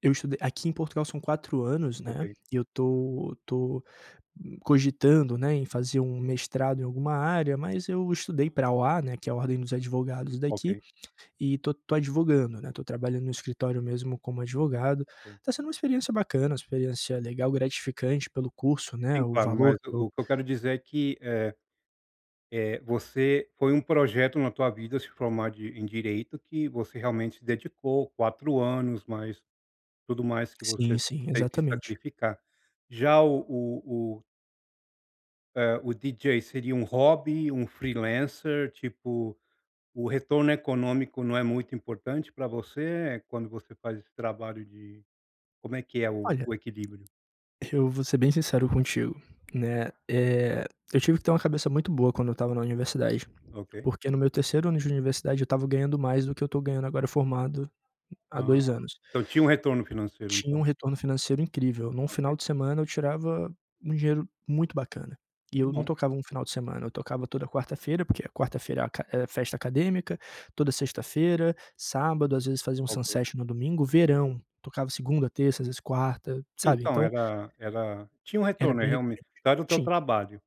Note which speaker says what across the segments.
Speaker 1: Eu estudei aqui em Portugal são 4 anos, né,
Speaker 2: Ok.
Speaker 1: e eu tô tô cogitando, né, em fazer um mestrado em alguma área, mas eu estudei pra OA, né, que é a Ordem dos Advogados daqui,
Speaker 2: Ok.
Speaker 1: e estou estou advogando, né, estou trabalhando no escritório mesmo como advogado,
Speaker 2: Ok.
Speaker 1: está sendo uma experiência bacana, uma experiência legal, gratificante pelo curso, né,
Speaker 2: Sim,
Speaker 1: o
Speaker 2: claro,
Speaker 1: valor
Speaker 2: mas
Speaker 1: que eu
Speaker 2: o que eu quero dizer é que, eh eh, você foi um projeto na tua vida, se formar de em direito, que você realmente se dedicou 4 anos, mas tudo mais que você
Speaker 1: Sim, sim,
Speaker 2: teve que
Speaker 1: exatamente.
Speaker 2: sacrificar, já o o o eh, o DJ seria um hobby, um freelancer, tipo, o retorno econômico não é muito importante pra você quando você faz esse trabalho de como é que é o
Speaker 1: Olha,
Speaker 2: equilíbrio?
Speaker 1: eu vou ser bem sincero contigo, né, eh, eu tive que ter uma cabeça muito boa quando eu estava na universidade,
Speaker 2: Ok.
Speaker 1: porque no meu 3º ano de universidade eu estava ganhando mais do que eu estou ganhando agora, formado há
Speaker 2: Ah.
Speaker 1: 2 anos
Speaker 2: Então tinha um retorno financeiro,
Speaker 1: Tinha um
Speaker 2: então.
Speaker 1: retorno financeiro incrível, num final
Speaker 2: Ok.
Speaker 1: de semana eu tirava um dinheiro muito bacana, e
Speaker 2: Que
Speaker 1: eu não
Speaker 2: bom.
Speaker 1: tocava um final de semana, eu tocava toda quarta-feira, porque a quarta-feira é aca é festa acadêmica, toda sexta-feira, sábado, às vezes fazia um
Speaker 2: Ok.
Speaker 1: sunset no domingo, verão tocava segunda, terça, às vezes quarta,
Speaker 2: Sim,
Speaker 1: sabe,
Speaker 2: então
Speaker 1: então
Speaker 2: era era tinha um
Speaker 1: era
Speaker 2: retorno,
Speaker 1: bem
Speaker 2: realment
Speaker 1: recorrente.
Speaker 2: era o teu
Speaker 1: Tinha.
Speaker 2: trabalho,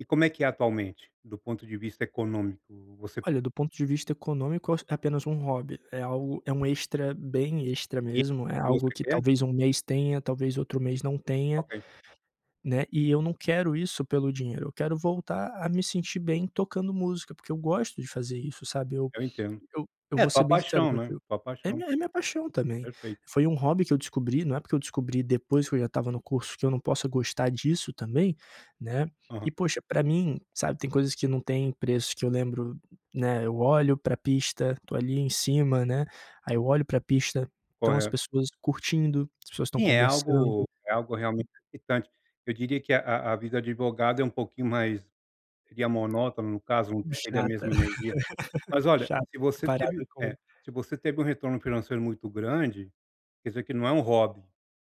Speaker 2: e como é que é atualmente, do ponto de vista econômico? Você
Speaker 1: Olha, do ponto de vista econômico é apenas um hobby, é algo é um extra, bem extra
Speaker 2: E
Speaker 1: mesmo, é algo
Speaker 2: você
Speaker 1: que
Speaker 2: quer?
Speaker 1: talvez um mês tenha, talvez outro mês não tenha,
Speaker 2: Ok.
Speaker 1: né, e eu não quero isso pelo dinheiro, eu quero voltar a me sentir bem tocando música, porque eu gosto de fazer isso, sabe. Eu
Speaker 2: Eu entendo.
Speaker 1: eu eu
Speaker 2: É
Speaker 1: vou
Speaker 2: tua
Speaker 1: ser bem sincero
Speaker 2: paixão, né?
Speaker 1: contigo
Speaker 2: Tua
Speaker 1: é
Speaker 2: paixão.
Speaker 1: minha é minha paixão também,
Speaker 2: Perfeito.
Speaker 1: foi um hobby que eu descobri não é porque eu descobri depois que eu já estava no curso que eu não possa gostar disso também, né.
Speaker 2: Aham.
Speaker 1: E, poxa, pra mim, sabe, tem coisas que não têm preço, que eu lembro, né, eu olho pra pista, estou ali em cima, né, aí eu olho pra pista estão as
Speaker 2: Correto.
Speaker 1: pessoas curtindo, as pessoas estão
Speaker 2: Sim, é
Speaker 1: conversando.
Speaker 2: algo é algo realmente excitante, eu diria que a a vida de advogado é um pouquinho mais seria monótona, no caso, não
Speaker 1: Hum,
Speaker 2: é da
Speaker 1: chata,
Speaker 2: mesma energia, mas olha,
Speaker 1: chato,
Speaker 2: se você teve,
Speaker 1: comparada com
Speaker 2: eh, você teve um retorno financeiro muito grande, quer dizer que não é um hobby,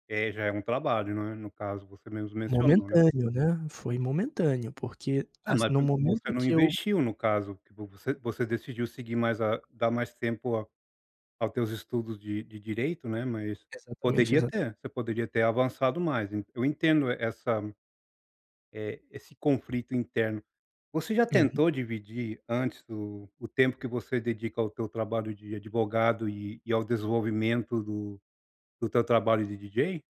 Speaker 2: eh, já é um trabalho, não é, no caso, você mesmo mencionou, né.
Speaker 1: Momentâneo, né, foi momentâneo, porque,
Speaker 2: É, mas
Speaker 1: assim, no
Speaker 2: porque você
Speaker 1: momento
Speaker 2: não
Speaker 1: que eu
Speaker 2: investiu, no caso, você você decidiu seguir mais a dar mais tempo a aos teus estudos de de direito, né, mas
Speaker 1: Exatamente,
Speaker 2: poderia
Speaker 1: exatamente.
Speaker 2: ter, você poderia ter avançado mais, eu entendo essa, eh, esse conflito interno, você já
Speaker 1: É, no
Speaker 2: tentou dividir antes o o tempo que você dedica ao teu trabalho de advogado e e ao desenvolvimento do do teu trabalho de DJ?